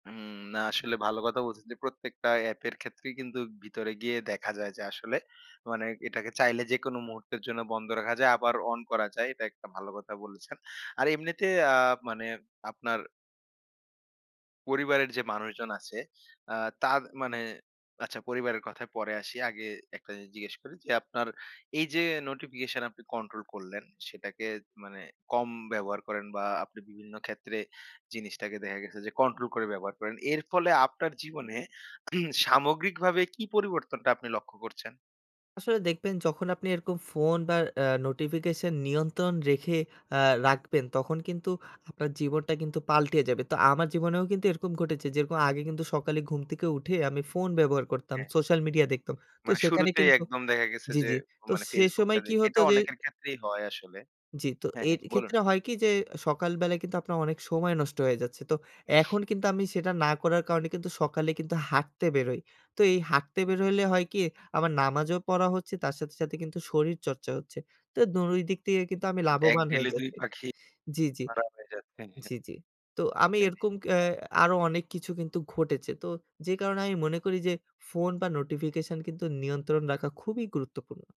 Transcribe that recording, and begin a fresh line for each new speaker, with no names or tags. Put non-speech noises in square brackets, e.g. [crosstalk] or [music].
উম না, আসলে ভালো কথা বলছেন, যে, প্রত্যেকটা অ্যাপের ক্ষেত্রেই কিন্তু ভিতরে গিয়ে দেখা যায় যে, আসলে মানে এটাকে চাইলে, যেকোন মুহূর্তের জন্য বন্ধ রাখা যায়, আবার অন করা যায়। এটা একটা ভালো কথা বলেছেন। আর এমনিতে আ মানে, আপনার পরিবারের যে, মানুষজন আছে, আ তার মানে, আচ্ছা পরিবারের কথায় পরে আসি, আগে একটা জিনিস জিজ্ঞেস করি যে, আপনার এই যে, নোটিফিকেশন আপনি কন্ট্রোল করলেন, সেটাকে মানে, কম ব্যবহার করেন বা আপনি বিভিন্ন ক্ষেত্রে জিনিসটাকে দেখা গেছে যে, কন্ট্রোল করে ব্যবহার করেন। এর ফলে, আপনার জীবনে [coughs] সামগ্রিকভাবে, কি পরিবর্তনটা আপনি লক্ষ্য করছেন?
আসলে দেখবেন, যখন আপনি এরকম ফোন বা আ নোটিফিকেশন নিয়ন্ত্রণ রেখে আ রাখবেন, তখন কিন্তু আপনার জীবনটা কিন্তু পাল্টে যাবে। তো, আমার জীবনেও কিন্তু এরকম ঘটেছে। যেরকম, আগে কিন্তু সকালে ঘুম থেকে উঠে, আমি ফোন ব্যবহার করতাম।
হ্যাঁ, হ্যাঁ।
সোশ্যাল মিডিয়া দেখতাম। তো,
মানে,
সেখানে
শুরুতেই
কিন্তু
একদম দেখা গেছে
জি,
যে,
জি। তো
মানে
সে
FaceBook
সময়
টা
কি
দেখি,
হতো
এটা
যে
অনেকের ক্ষেত্রেই হয় আসলে
জি। তো
হ্যাঁ,
এর
হ্যাঁ, বলুন।
ক্ষেত্রে হয় কি যে, সকাল বেলায় কিন্তু আপনার অনেক সময় নষ্ট হয়ে যাচ্ছে। তো, এখন কিন্তু আমি সেটা না করার কারণে কিন্তু, সকালে কিন্তু হাঁটতে বেরোই। তো, এই হাটতে
হু,
বেরোইলে
হুম।
হয় কি, আমার নামাজও পড়া হচ্ছে, তার সাথে, সাথে কিন্তু শরীর চর্চা হচ্ছে। তো, ২ ই দিক থেকে
হু,
কিন্তু, আমি
হুম। এক
লাভবান হয়ে
ঢিলে ২
যাচ্ছি
পাখি
জি, জি,
মারা হয়ে যায়, হ্যাঁ,
জি, জি। তো, আমি
হ্যাঁ।
এরকম ক্যা
[unintelligible]
আরো অনেক কিছু কিন্তু ঘটেছে। তো, যে, কারণে আমি মনে করি যে, ফোন বা নোটিফিকেশন কিন্তু নিয়ন্ত্রণ রাখা খুবই গুরুত্বপূর্ণ।